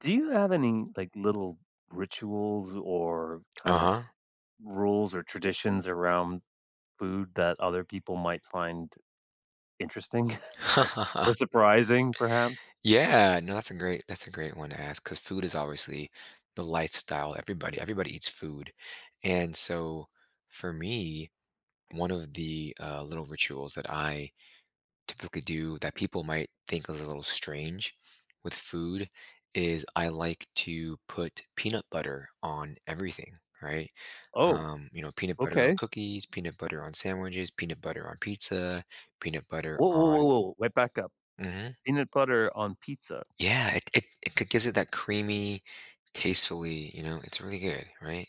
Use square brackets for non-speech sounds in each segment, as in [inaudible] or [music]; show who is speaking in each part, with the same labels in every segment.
Speaker 1: Do you have any, like, little rituals or, kind of,
Speaker 2: Uh-huh.
Speaker 1: rules or traditions around food that other people might find interesting, [chuckles] or
Speaker 2: [chuckles]
Speaker 1: surprising, perhaps?
Speaker 2: Yeah, no, that's a great that's a great one to ask, 'cause food is obviously the lifestyle everybody everybody eats food, and so, for me, one of the, uh, little rituals that I typically do that people might think a little strange, with food, is I like to put peanut butter on everything, right?
Speaker 1: Oh.
Speaker 2: Um, you know, peanut butter on
Speaker 1: Okay.
Speaker 2: cookies, peanut butter on sandwiches, peanut butter on pizza, peanut butter
Speaker 1: Whoa, whoa, whoa,
Speaker 2: on
Speaker 1: whoa, wait, back up.
Speaker 2: Mhm.
Speaker 1: Peanut butter on pizza?
Speaker 2: Yeah, it it it it gives it that creamy, tastefully you know, it's really good, right?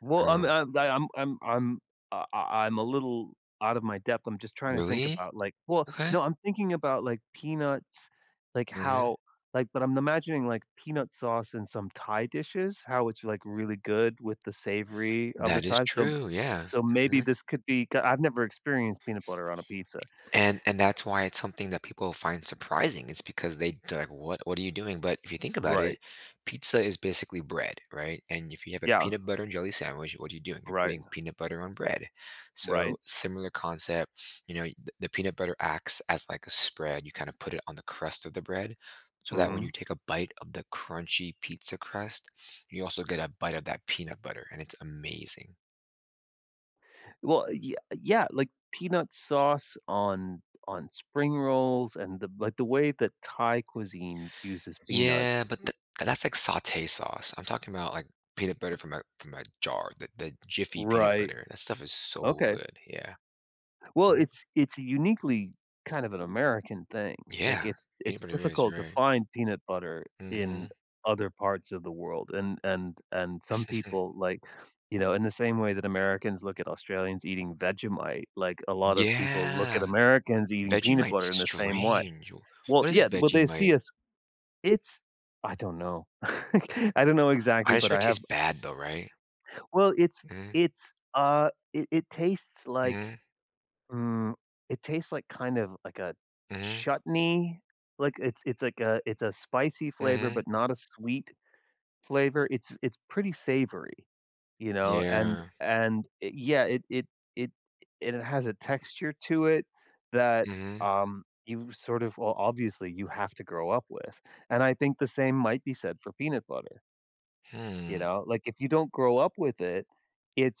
Speaker 1: Well, um,
Speaker 2: Um
Speaker 1: I I, um, I'm I'm I I I'm a little out of my depth, I'm just trying to think
Speaker 2: Really?
Speaker 1: about, like well,
Speaker 2: Okay.
Speaker 1: no, I'm thinking about, like, peanuts, like,
Speaker 2: Mhm.
Speaker 1: how like, but I'm imagining, like, peanut sauce in some Thai dishes? How it's, like, really good with the savory of the
Speaker 2: That is
Speaker 1: Thai, so
Speaker 2: true, yeah,
Speaker 1: so maybe
Speaker 2: mhm.
Speaker 1: this could be c I've never experienced peanut butter on a pizza.
Speaker 2: And and that's why it's something that people find surprising, it's because they they're like, "What what are you doing?" But, if you think about
Speaker 1: Right.
Speaker 2: it, pizza is basically bread, right? And if you have a
Speaker 1: Yeah.
Speaker 2: peanut butter and jelly sandwich, what are you doing? You're
Speaker 1: Right.
Speaker 2: putting peanut butter on bread,
Speaker 1: Right.
Speaker 2: so, similar concept, you know, y the the peanut butter acts as, like, a spread, you kinda put it on the crust of the bread, so that when you
Speaker 1: Mhm.
Speaker 2: take a bite of the crunchy pizza crust, you also get a bite of that peanut butter, and it's amazing.
Speaker 1: Well, ye yeah, like, peanut sauce on on spring rolls and the like, the way that Thai cuisine uses peanuts.
Speaker 2: Yeah, but th that’s, like, saute sauce. I’m talking about, like, peanut butter from a from a jar, the the Jiffy peanut
Speaker 1: Right.
Speaker 2: butter. That stuff is so
Speaker 1: Okay.
Speaker 2: good, yeah.
Speaker 1: Well,
Speaker 2: Mhm.
Speaker 1: it’s it’s uniquely kind of an American thing. Like,
Speaker 2: Yeah,
Speaker 1: it’s
Speaker 2: peanut
Speaker 1: it’s
Speaker 2: butter is,
Speaker 1: difficult to
Speaker 2: right.
Speaker 1: find peanut butter in
Speaker 2: Mhm.
Speaker 1: other parts of the world, and and and some
Speaker 2: [chuckles]
Speaker 1: people, like, you know, in the same way that Americans look at Australians eating Vegemite, like a lot of people look at
Speaker 2: Yeah.
Speaker 1: Americans eating peanut
Speaker 2: Vegemite's
Speaker 1: butter in the same way.
Speaker 2: strange.
Speaker 1: Well,
Speaker 2: What
Speaker 1: yeah,
Speaker 2: is
Speaker 1: well, they see
Speaker 2: Vegemite?
Speaker 1: us It’s I don’t know. [laughs] I don’t know exactly,
Speaker 2: I
Speaker 1: but
Speaker 2: sure
Speaker 1: I
Speaker 2: it
Speaker 1: have
Speaker 2: tastes bad, though, right?
Speaker 1: Well, it’s
Speaker 2: Mhm.
Speaker 1: it’s, ah, it it tastes like,
Speaker 2: Mhm.
Speaker 1: mm, it tastes like, kind of, like a
Speaker 2: Mhm.
Speaker 1: chutney, like, it’s it’s like a it’s a spicy flavor,
Speaker 2: Mhm.
Speaker 1: but not a sweet flavor. It’s it’s pretty savory, you know, and
Speaker 2: Yeah.
Speaker 1: and, it yeah, it it it it has a texture to it that,
Speaker 2: Mhm.
Speaker 1: um, you sort of well, obviously, you have to grow up with, and I think the same might be said for peanut butter you
Speaker 2: Hmm.
Speaker 1: know? Like, if you don’t grow up with it,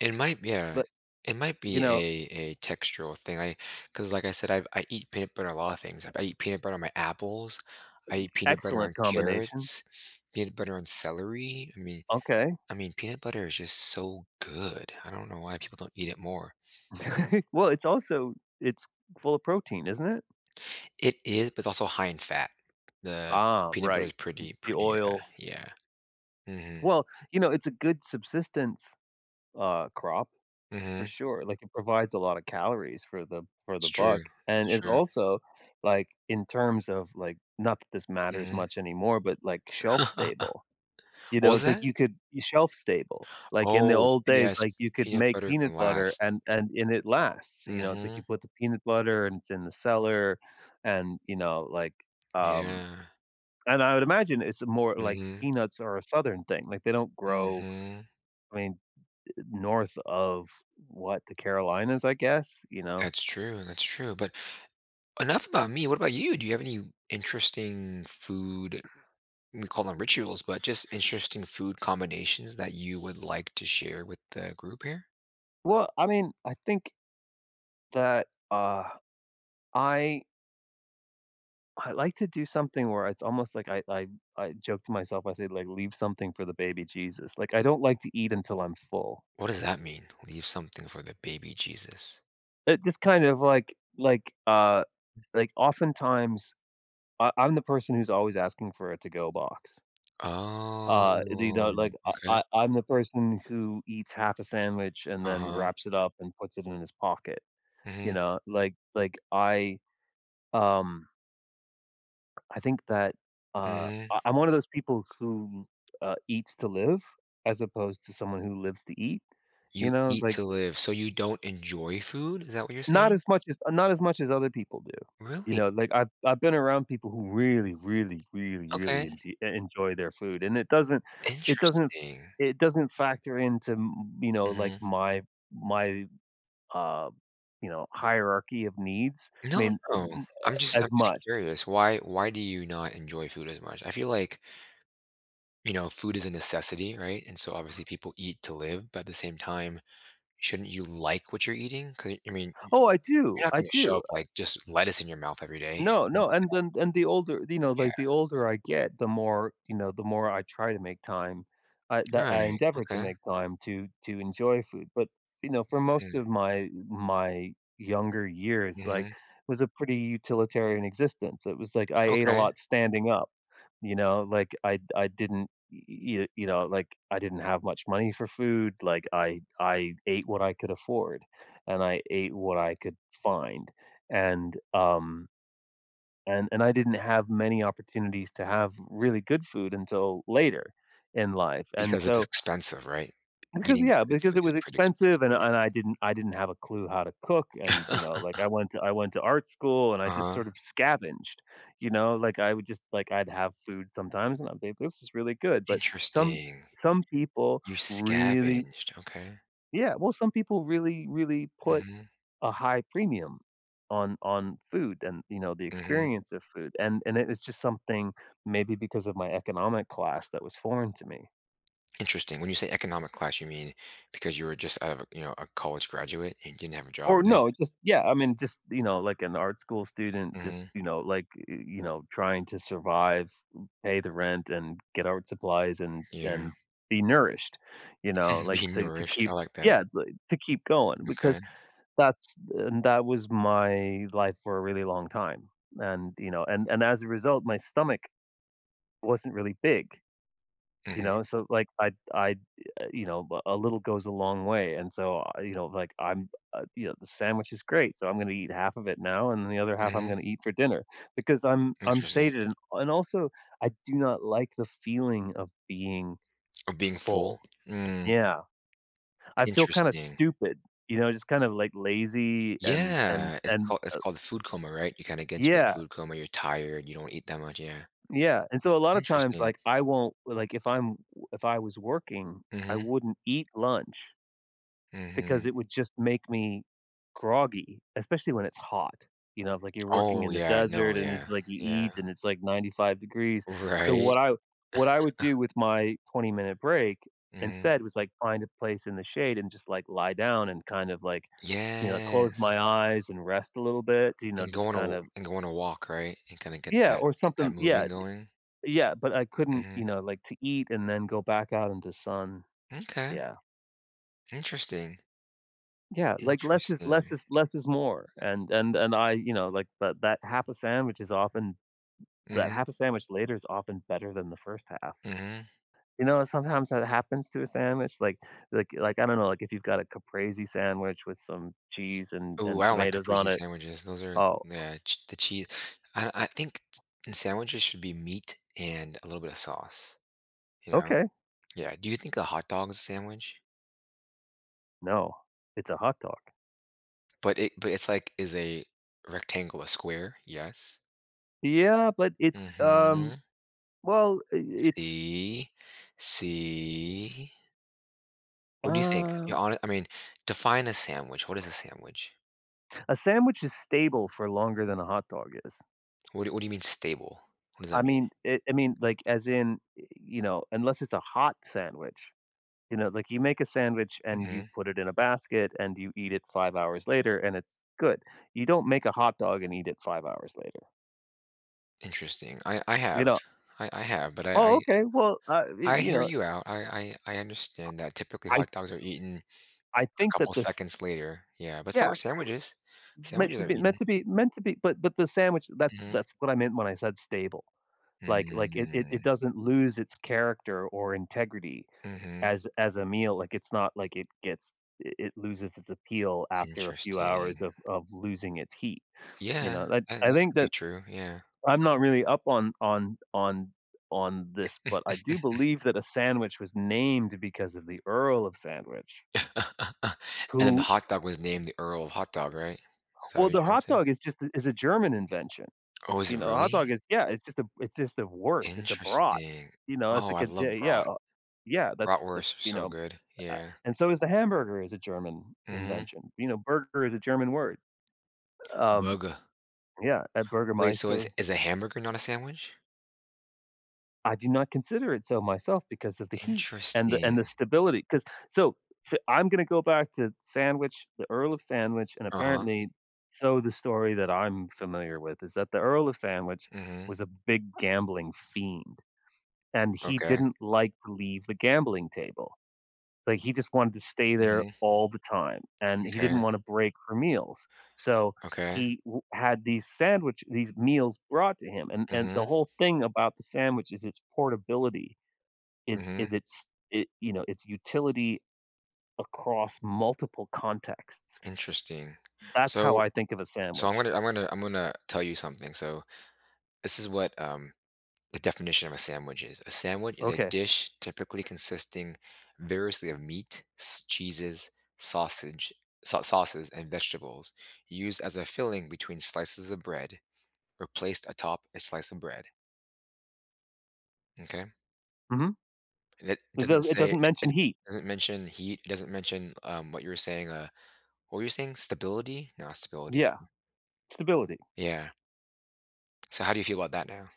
Speaker 2: It might be a
Speaker 1: but,
Speaker 2: it might
Speaker 1: you
Speaker 2: be
Speaker 1: know
Speaker 2: a a textural thing, I 'cause like I said, I’ve I eat peanut butter on a lot of things- I eat peanut butter on my apples,
Speaker 1: Uh,
Speaker 2: I
Speaker 1: d
Speaker 2: eat peanut butter
Speaker 1: excellent
Speaker 2: on
Speaker 1: combination.
Speaker 2: carrots, peanut butter on celery- I mean
Speaker 1: Okay.
Speaker 2: I mean, peanut butter is just so good. I don’t know why people don’t eat it more.
Speaker 1: [laughs] Well, it's also it's full of protein, isn't it?
Speaker 2: It is, but it’s also high in fat. The
Speaker 1: Ah,
Speaker 2: peanut butter
Speaker 1: right.
Speaker 2: is
Speaker 1: M
Speaker 2: pretty
Speaker 1: the
Speaker 2: pretty, uh,
Speaker 1: oil.
Speaker 2: yeah. Mhm.
Speaker 1: Well, you know, it’s a good subsistence, uh, crop, for
Speaker 2: Mhm.
Speaker 1: sure, like, it provides a lot of calories for the for
Speaker 2: It's
Speaker 1: the buck,
Speaker 2: true.
Speaker 1: and
Speaker 2: It's
Speaker 1: it’s
Speaker 2: true.
Speaker 1: also, like, in terms of, like not that this matters
Speaker 2: Mhm.
Speaker 1: much anymore but, like, shelf
Speaker 2: [laughs]
Speaker 1: stable, you
Speaker 2: What
Speaker 1: know?
Speaker 2: was
Speaker 1: It’s like,
Speaker 2: that?
Speaker 1: you could you shelf stable, like in the
Speaker 2: Oh,
Speaker 1: old
Speaker 2: p
Speaker 1: days,
Speaker 2: yes,
Speaker 1: like, you could
Speaker 2: peanut
Speaker 1: make
Speaker 2: butter can
Speaker 1: peanut butter,
Speaker 2: last.
Speaker 1: and and and it lasts, you know, it’s like you
Speaker 2: Mhm.
Speaker 1: put the peanut butter, and it’s in the cellar, and, you know, like, um
Speaker 2: Yeah.
Speaker 1: and I would imagine it’s more, like
Speaker 2: Mhm.
Speaker 1: peanuts are a Southern thing, like, they don’t grow,
Speaker 2: Mhm.
Speaker 1: I mean, north of what, the Carolinas, I guess? You know?
Speaker 2: That’s true, that's true, but enough about me, what about you? Do you have any interesting food we call them rituals, but just interesting food combinations that you would like to share with the group here?
Speaker 1: Well, I mean, I think that, uh, I I like to do something where it's almost like I I I joke to myself, I said, like, "Leave something for the baby Jesus." Like, I don't like to eat until I'm full.
Speaker 2: What does that mean? "Leave something for the baby Jesus."
Speaker 1: It just kind of, like like, uh like, oftentimes, I I'm the person who's always asking for a to-go box. Uh, do you
Speaker 2: Oh,
Speaker 1: know like, I
Speaker 2: okay.
Speaker 1: I I'm the person who eats half a sandwich and then
Speaker 2: Uh-huh.
Speaker 1: wraps it up and puts it in his pocket. You
Speaker 2: Mhm.
Speaker 1: know? Like like, I, um I think that, uh,
Speaker 2: Mhm.
Speaker 1: I I'm one of those people who, uh, eats to live as opposed to someone who lives to eat, you
Speaker 2: "You
Speaker 1: know,
Speaker 2: eat
Speaker 1: like
Speaker 2: to live." So, you don't enjoy food, is that what you're
Speaker 1: Not
Speaker 2: saying?
Speaker 1: as much as uh, not as much as other people do, you
Speaker 2: Really?
Speaker 1: know? Like, I've I've been around people who really, really, really,
Speaker 2: Okay.
Speaker 1: really enpe e enjoy their food, and it doesn't it doesn't
Speaker 2: Interesting.
Speaker 1: it doesn't factor into m you know, like,
Speaker 2: Mhm.
Speaker 1: my my, uh you know, hierarchy of needs, I
Speaker 2: No,
Speaker 1: mean, m
Speaker 2: no,
Speaker 1: m
Speaker 2: I'm just I'm
Speaker 1: as
Speaker 2: just
Speaker 1: much.
Speaker 2: curious, why why do you not enjoy food as much? I feel like you know, food is a necessity, right? And so, obviously,
Speaker 1: [scoffs]
Speaker 2: people eat to live, but at the same time, shouldn't you like what you're eating? 'Cau I mean, y
Speaker 1: Oh, I do,
Speaker 2: you're not
Speaker 1: I
Speaker 2: gonna show
Speaker 1: do,
Speaker 2: up,
Speaker 1: uh
Speaker 2: like, just lettuce in your mouth every day
Speaker 1: No,
Speaker 2: and eat
Speaker 1: no, and
Speaker 2: that.
Speaker 1: then and the older you know,
Speaker 2: Yeah.
Speaker 1: like, the older I get, the more you know, the more I try to make time, I that I
Speaker 2: Right,
Speaker 1: endeavor to
Speaker 2: okay.
Speaker 1: make time to to enjoy food, but, you know, for most of
Speaker 2: Hmm.
Speaker 1: my my younger years, like,
Speaker 2: Mhm.
Speaker 1: was a pretty utilitarian existence, it was like, I ate a
Speaker 2: Okay.
Speaker 1: lot standing up, you know? Like, I I didn't y y you know, like, I didn't have much money for food, like, I I ate what I could afford, and I ate what I could find, and, um and and I didn't have many opportunities to have really good food until later in life, and
Speaker 2: Because it's
Speaker 1: so
Speaker 2: expensive, right?
Speaker 1: Because
Speaker 2: Eating
Speaker 1: yeah,
Speaker 2: good
Speaker 1: because
Speaker 2: food
Speaker 1: it
Speaker 2: is
Speaker 1: was
Speaker 2: pretty
Speaker 1: expensive,
Speaker 2: expensive,
Speaker 1: and
Speaker 2: yeah.
Speaker 1: and I didn't I didn't have a clue how to cook, and, you know, like, I
Speaker 2: [chuckles]
Speaker 1: went to I went to art school, and I just
Speaker 2: Uh-huh.
Speaker 1: sort of scavenged, you know? Like, I would just like, I'd have food sometimes, and I'd be like, "This is really good." But some
Speaker 2: Interesting.
Speaker 1: some people
Speaker 2: You
Speaker 1: really
Speaker 2: scavenged, okay.
Speaker 1: yeah, well, some people really, really put
Speaker 2: Mhm.
Speaker 1: a high premium on on food and, you know, the
Speaker 2: Mhm.
Speaker 1: experience of food, and and it it's just something- maybe because of my economic class- that was foreign to me.
Speaker 2: Interesting. When you say economic class, you mean because you were just out of a, you know, a college graduate and didn't have a
Speaker 1: Or
Speaker 2: job then?
Speaker 1: no, just, yeah, I mean, just, you know, like, an art school student just,
Speaker 2: Mhm.
Speaker 1: you know, like, y y you know, trying to survive, m pay the rent, and get art supplies, and
Speaker 2: Yeah.
Speaker 1: and be nourished, you know?
Speaker 2: [chuckles]
Speaker 1: Like,
Speaker 2: Being
Speaker 1: to to
Speaker 2: nourished,
Speaker 1: keep
Speaker 2: I like that.
Speaker 1: Yeah, like, to keep going because
Speaker 2: Okay.
Speaker 1: that's and that was my life for a really long time, and, you know, and and as a result, my stomach wasn't really big. You
Speaker 2: Mhm.
Speaker 1: know, so, like, I I, eh, you know, a a little goes a long way, and so, I, you know, like, I'm, uh, you know, the sandwich is great, so I'm gonna eat half of it now, and the other half I'm
Speaker 2: Mhm.
Speaker 1: gonna eat for dinner because I'm I'm
Speaker 2: Interesting.
Speaker 1: saving, and, also, I do not like the feeling of being
Speaker 2: Oh, being
Speaker 1: full.
Speaker 2: full? Mm.
Speaker 1: Yeah. I feel kinda
Speaker 2: Interesting.
Speaker 1: stupid. You know? Just kinda, like, lazy and and
Speaker 2: Yeah, it's
Speaker 1: and,
Speaker 2: call it's
Speaker 1: uh
Speaker 2: called food coma, right? You kinda get into a
Speaker 1: Yeah.
Speaker 2: food coma, you're tired, you don't eat that much, yeah.
Speaker 1: Yeah, and so a lotta times,
Speaker 2: Interesting.
Speaker 1: like, I won't l like, if I'm w if I was working, I
Speaker 2: Mhm.
Speaker 1: wouldn't eat lunch because
Speaker 2: Mhm.
Speaker 1: it would just make me groggy, especially when it's hot. You know? If like you're working
Speaker 2: Oh,
Speaker 1: in the
Speaker 2: yeah,
Speaker 1: desert,
Speaker 2: no,
Speaker 1: and it's
Speaker 2: yeah.
Speaker 1: like you
Speaker 2: Yeah.
Speaker 1: eat, and it's like 95 degrees. So
Speaker 2: Right?
Speaker 1: what I what I would do
Speaker 2: [chuckles]
Speaker 1: with my twenty-minute break
Speaker 2: Mhm.
Speaker 1: instead was, like, find a place in the shade and just, like, lie down and kind of, like, you know, close
Speaker 2: Yes.
Speaker 1: my eyes and rest a little bit, you know,
Speaker 2: And
Speaker 1: just
Speaker 2: going to
Speaker 1: kind
Speaker 2: w
Speaker 1: of
Speaker 2: and going to walk, right? And kinda get
Speaker 1: Yeah,
Speaker 2: that
Speaker 1: or
Speaker 2: get that
Speaker 1: something Yeah,
Speaker 2: moving going?
Speaker 1: yeah, but I couldn't, you
Speaker 2: Mhm.
Speaker 1: know, like, to eat and then go back out into sun.
Speaker 2: M'kay.
Speaker 1: Yeah.
Speaker 2: Interesting.
Speaker 1: Yeah. Like, less is less
Speaker 2: Interesting.
Speaker 1: is less is more. And and and I, you know, like, that that half a sandwich is often that
Speaker 2: Mhm.
Speaker 1: half a sandwich later is often better than the first half.
Speaker 2: Mhm.
Speaker 1: You know, uh, sometimes that happens to a sandwich, like like like, I don't know, like, if you've got a Caprese sandwich with some cheese and
Speaker 2: Ooh,
Speaker 1: and
Speaker 2: I don't like
Speaker 1: tomatoes on
Speaker 2: Caprese
Speaker 1: it.
Speaker 2: sandwiches. Those are th
Speaker 1: Oh.
Speaker 2: nah. Ch the chee I I think ts in sandwiches, should be meat and a little bit of sauce. You know?
Speaker 1: Okay.
Speaker 2: Yeah, do you think a hot dog is a sandwich?
Speaker 1: No. It's a hot dog.
Speaker 2: But it but it's, like, is a rectangle a square? Yes.
Speaker 1: Yeah, but it's, um
Speaker 2: Mhm.
Speaker 1: well, uh, it's
Speaker 2: See? See? What do you think? Your
Speaker 1: Um
Speaker 2: hone I mean, define a sandwich, what is a sandwich?
Speaker 1: A sandwich is stable for longer than a hot dog is.
Speaker 2: What do what do you mean stable? What does
Speaker 1: I
Speaker 2: that mean?
Speaker 1: mean, it I mean, like, as in eh, you know, unless it's a hot sandwich. You know, like, you make a sandwich, and you
Speaker 2: Mhm.
Speaker 1: put it in a basket, and you eat it 5 hours later, and it's good. You don't make a hot dog and eat it 5 hours later.
Speaker 2: Interesting, I I
Speaker 1: You
Speaker 2: have
Speaker 1: know
Speaker 2: I I have, but I
Speaker 1: oh, okay, well, uh, y
Speaker 2: I I
Speaker 1: you
Speaker 2: hear
Speaker 1: know, eh
Speaker 2: you out, I I I understand that, typically,
Speaker 1: I I th
Speaker 2: hot dogs are eaten
Speaker 1: I
Speaker 2: a
Speaker 1: think that
Speaker 2: couple
Speaker 1: this
Speaker 2: seconds later, yeah, but so
Speaker 1: yeah
Speaker 2: are sandwiches.
Speaker 1: w meant
Speaker 2: Sandwiches
Speaker 1: to
Speaker 2: are
Speaker 1: be meant
Speaker 2: eaten
Speaker 1: to be meant to be but but the sandwich that's
Speaker 2: Mm.
Speaker 1: that's what I meant when I said "stable". Like like, it it it
Speaker 2: Mm.
Speaker 1: doesn't lose its character or integrity
Speaker 2: Mhm.
Speaker 1: as as a meal, like, it's not like it gets i it loses its appeal after a few hours
Speaker 2: Interesting.
Speaker 1: of of losing its heat, you
Speaker 2: Yeah,
Speaker 1: know, I
Speaker 2: that
Speaker 1: I
Speaker 2: that
Speaker 1: think
Speaker 2: could be
Speaker 1: that
Speaker 2: true, yeah.
Speaker 1: I'm not really up on on on on this, but I do
Speaker 2: [chuckles]
Speaker 1: believe that a sandwich was named because of the Earl of Sandwich.
Speaker 2: [laughs] And then the
Speaker 1: Who
Speaker 2: hot dog was named the Earl Hot Dog, right? Is that what
Speaker 1: Well,
Speaker 2: you're
Speaker 1: the
Speaker 2: trying to
Speaker 1: hot
Speaker 2: say?
Speaker 1: dog is just a is a German invention.
Speaker 2: Oh, is
Speaker 1: You
Speaker 2: it
Speaker 1: know, a hot dog
Speaker 2: really?
Speaker 1: is yeah, it's just a it's just a wurst, it's a brat,
Speaker 2: Interesting,
Speaker 1: you know? It's a
Speaker 2: oh, I
Speaker 1: like a
Speaker 2: love
Speaker 1: d yeah,
Speaker 2: brat.
Speaker 1: uh yeah, that's that's,
Speaker 2: Bratwursts are
Speaker 1: you
Speaker 2: so
Speaker 1: know,
Speaker 2: good,
Speaker 1: uh
Speaker 2: yeah.
Speaker 1: and so is the hamburger is a German
Speaker 2: Mm.
Speaker 1: invention, you know, "burger" is a German word. Um
Speaker 2: Burger.
Speaker 1: yeah, a
Speaker 2: Wait, so is
Speaker 1: Bürgermeister.
Speaker 2: is a hamburger not a sandwich?
Speaker 1: I do not consider it so, myself because of the heat and the
Speaker 2: Interesting.
Speaker 1: and the stability, 'cause so so I'm gonna go back to sandwich The Earl of Sandwich, and
Speaker 2: Uh-huh.
Speaker 1: apparently so the story that I'm familiar with is that the Earl of Sandwich
Speaker 2: Mhm.
Speaker 1: was a big gambling fiend. And he
Speaker 2: Okay.
Speaker 1: didn't like to leave the gambling table. But, he just wanted to stay there
Speaker 2: Mhm.
Speaker 1: all the time, and he didn't
Speaker 2: M'kay.
Speaker 1: wanna break for meals, so,
Speaker 2: Okay.
Speaker 1: he w had these sandwich these meals brought to him, and and the
Speaker 2: Mhm.
Speaker 1: whole thing about the sandwich is its portability. Is is
Speaker 2: Mhm.
Speaker 1: its it you know, its utility across multiple contexts.
Speaker 2: Interesting.
Speaker 1: That's how
Speaker 2: So
Speaker 1: I think of a
Speaker 2: so I'm
Speaker 1: sandwich.
Speaker 2: gonna I'm gonna I'm gonna tell you something, so, this is what, um, the definition of a sandwich is, "A sandwich is a
Speaker 1: Okay.
Speaker 2: dish typically consisting variously of meat, s cheeses, sausage, sa sauces, and vegetables used as a filling between slices of bread or placed atop a slice of bread." M'kay?
Speaker 1: Mhm.
Speaker 2: And it
Speaker 1: It
Speaker 2: doesn't
Speaker 1: does it
Speaker 2: say
Speaker 1: doesn't
Speaker 2: it
Speaker 1: mention
Speaker 2: it
Speaker 1: heat.
Speaker 2: doesn't mention heat. It doesn't mention, um, what you were saying, uh What were you saying, stability? Not stability
Speaker 1: Yeah. Stability.
Speaker 2: Yeah. So how do you feel about that now?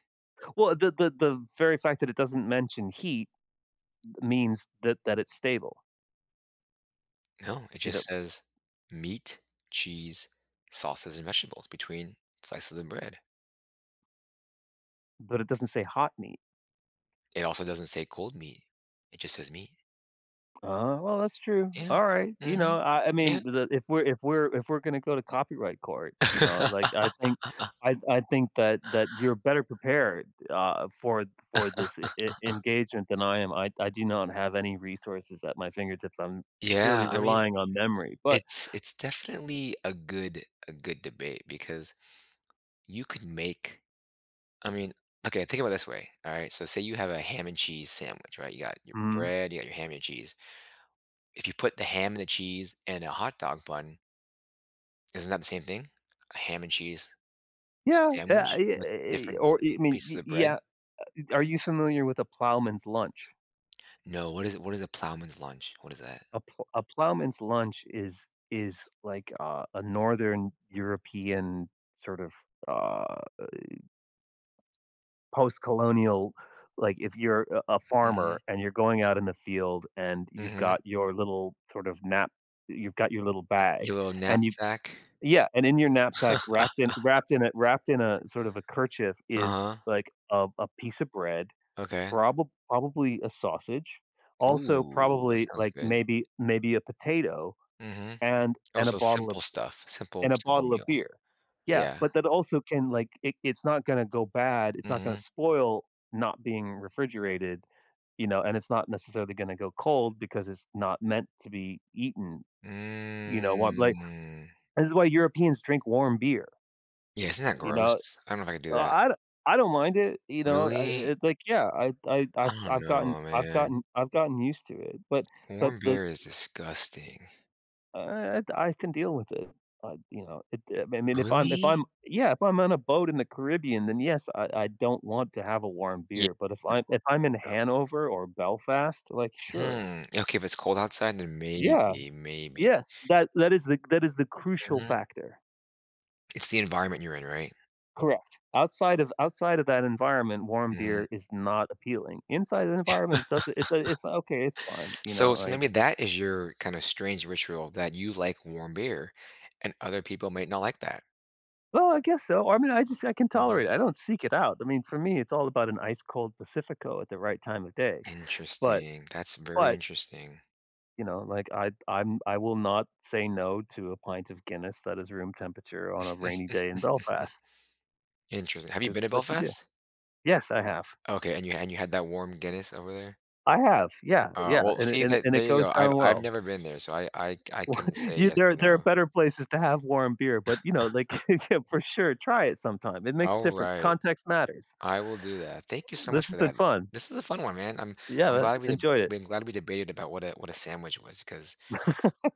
Speaker 1: Well, the the the very fact that it doesn't mention heat m means that that it's stable
Speaker 2: No, it
Speaker 1: You
Speaker 2: just
Speaker 1: know
Speaker 2: says meat, cheese, sauces, and vegetables between slices of bread.
Speaker 1: But it doesn't say, "hot meat."
Speaker 2: It also doesn't say, "cold meat." It just says, "meat."
Speaker 1: Uh, well, that's true.
Speaker 2: Yeah.
Speaker 1: Alright. You know,
Speaker 2: Mhm.
Speaker 1: I I mean,
Speaker 2: Yeah.
Speaker 1: the if we're if we're if we're gonna go to copyright court, you know, like, I think
Speaker 2: [laughs]
Speaker 1: I I think that that you're better prepared, uh, for for this e
Speaker 2: [laughs]
Speaker 1: engagement than I am. I I do not have any resources at my fingertips. I'm purely
Speaker 2: Yeah, I mean,
Speaker 1: relying on memory. But
Speaker 2: it's it's definitely a good a good debate because, you could make I mean, okay, think about it this way, alright. So say you have a ham and cheese sandwich, right? You got your
Speaker 1: Mhm.
Speaker 2: bread, you got your ham and your cheese. If you put the ham and the cheese in a hot dog bun isn't that the same thing? A ham and cheese s
Speaker 1: Yeah, yeah, I
Speaker 2: sandwich
Speaker 1: yea
Speaker 2: with
Speaker 1: eh eh
Speaker 2: different
Speaker 1: or e mean
Speaker 2: pieces
Speaker 1: y
Speaker 2: of bread?
Speaker 1: yeah, uh, are you familiar with a ploughman's lunch?
Speaker 2: No, what is what is a ploughman's lunch? What is that?
Speaker 1: A pl a ploughman's lunch is is like a a northern European sort of uh, eh postcolonial like if you're a a farmer
Speaker 2: Mhm.
Speaker 1: and you're going out in the field and you've
Speaker 2: Mhm.
Speaker 1: got your little sort of knap you've got your little
Speaker 2: I
Speaker 1: bag,
Speaker 2: your little
Speaker 1: and you
Speaker 2: knapsack.
Speaker 1: Yeah. And in your knapsack,
Speaker 2: [laughs]
Speaker 1: wrapped in wrapped in a wrapped in a sort of a kerchief is,
Speaker 2: Uh-huh.
Speaker 1: like, a a piece of bread,
Speaker 2: Okay.
Speaker 1: probob probably a sausage. Also,
Speaker 2: Ooh, that
Speaker 1: probably,
Speaker 2: sounds
Speaker 1: like,
Speaker 2: good.
Speaker 1: maybe maybe a potato
Speaker 2: Mhm.
Speaker 1: and
Speaker 2: Oh,
Speaker 1: and a
Speaker 2: so
Speaker 1: bottle of
Speaker 2: simple
Speaker 1: b
Speaker 2: stuff; simple
Speaker 1: and a
Speaker 2: simple
Speaker 1: bottle of
Speaker 2: meal.
Speaker 1: beer. Yeah.
Speaker 2: Yeah.
Speaker 1: But that also can like it it's not gonna go bad. It's not gonna
Speaker 2: Mhm.
Speaker 1: spoil not being refrigerated, you know, and it's not necessarily gonna go cold because it's not meant to be eaten. You know, what, like
Speaker 2: Mm.
Speaker 1: this is why Europeans drink warm beer
Speaker 2: Yes, isn't that
Speaker 1: you
Speaker 2: gross?
Speaker 1: know?
Speaker 2: I don't know if I could do that.
Speaker 1: I I don I don't mind it. You know? Uh uh
Speaker 2: Really?
Speaker 1: It like Yeah. I I
Speaker 2: I
Speaker 1: I've
Speaker 2: don't
Speaker 1: I've gotten
Speaker 2: know,
Speaker 1: I've
Speaker 2: man.
Speaker 1: gotten I've gotten used to it, but but
Speaker 2: Warm
Speaker 1: but
Speaker 2: beer is disgusting.
Speaker 1: Uh, it I can deal with it. Uh, you know? It, eh I mean, if I'm if
Speaker 2: Really?
Speaker 1: I'm Yeah, if I'm on a boat in the Caribbean, then, yes, I I don't want to have a warm
Speaker 2: Ye
Speaker 1: beer. But if I'm if I'm in
Speaker 2: [unintelligible]
Speaker 1: Hanover or Belfast, like, sure.
Speaker 2: Hmm, okay, if it's cold outside, then
Speaker 1: Yeah.
Speaker 2: maybe maybe.
Speaker 1: Yes. That that is the that is the crucial
Speaker 2: Mhm.
Speaker 1: factor.
Speaker 2: It's the environment you're in, right?
Speaker 1: Correct, outside of outside of that environment, warm
Speaker 2: Mhm.
Speaker 1: beer is not appealing, inside the
Speaker 2: [laughs]
Speaker 1: environment, it doesn't it do it's not okay, it's fine, you
Speaker 2: So,
Speaker 1: know,
Speaker 2: it's gonna
Speaker 1: like
Speaker 2: be that is your, kinda strange, ritual that you like warm beer, and other people might not like that.
Speaker 1: Well, I guess so, I mean, I just I can
Speaker 2: Mhm.
Speaker 1: tolerate it, I don't seek it out, I mean, for me, it's all about an ice-cold Pacifico at the right time of day, but,
Speaker 2: Interesting, that's very
Speaker 1: but
Speaker 2: interesting.
Speaker 1: you know, like, I I'm I will not say "no" to a pint of Guinness that is room temperature on a rainy day in Belfast.
Speaker 2: [chuckles] Interesting, have you
Speaker 1: 'Cause
Speaker 2: been to
Speaker 1: it's what you do.
Speaker 2: Belfast?
Speaker 1: Yes, I have.
Speaker 2: Okay, and you and you had that warm Guinness over there?
Speaker 1: I have, yeah, yeah,
Speaker 2: Oh, well,
Speaker 1: and it
Speaker 2: see
Speaker 1: and it
Speaker 2: that
Speaker 1: and it
Speaker 2: there you
Speaker 1: goes
Speaker 2: go, I've
Speaker 1: down
Speaker 2: I've
Speaker 1: well.
Speaker 2: never been there, so I I c I
Speaker 1: What?
Speaker 2: couldn't say
Speaker 1: You
Speaker 2: yes
Speaker 1: there are
Speaker 2: or
Speaker 1: there are
Speaker 2: no.
Speaker 1: better places to have warm beer, but, you know, like
Speaker 2: [chuckles]
Speaker 1: [chuckles] for sure, try it sometime, it makes a difference,
Speaker 2: Alright.
Speaker 1: context matters.
Speaker 2: I will do that, thank you so much
Speaker 1: This has
Speaker 2: for
Speaker 1: been
Speaker 2: that,
Speaker 1: fun.
Speaker 2: this was a fun one, man, I'm
Speaker 1: Yeah,
Speaker 2: I'm
Speaker 1: that
Speaker 2: glad we de
Speaker 1: enjoy it.
Speaker 2: b I'm glad we debated about what a what a sandwich was 'cause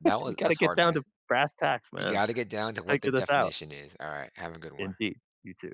Speaker 2: that
Speaker 1: We
Speaker 2: was
Speaker 1: gotta
Speaker 2: that's
Speaker 1: get
Speaker 2: hard,
Speaker 1: down
Speaker 2: man.
Speaker 1: to brass tacks,
Speaker 2: You
Speaker 1: man,
Speaker 2: gotta get down to what the
Speaker 1: figure this out.
Speaker 2: definition is, aright, have a good one.
Speaker 1: Indeed, you too.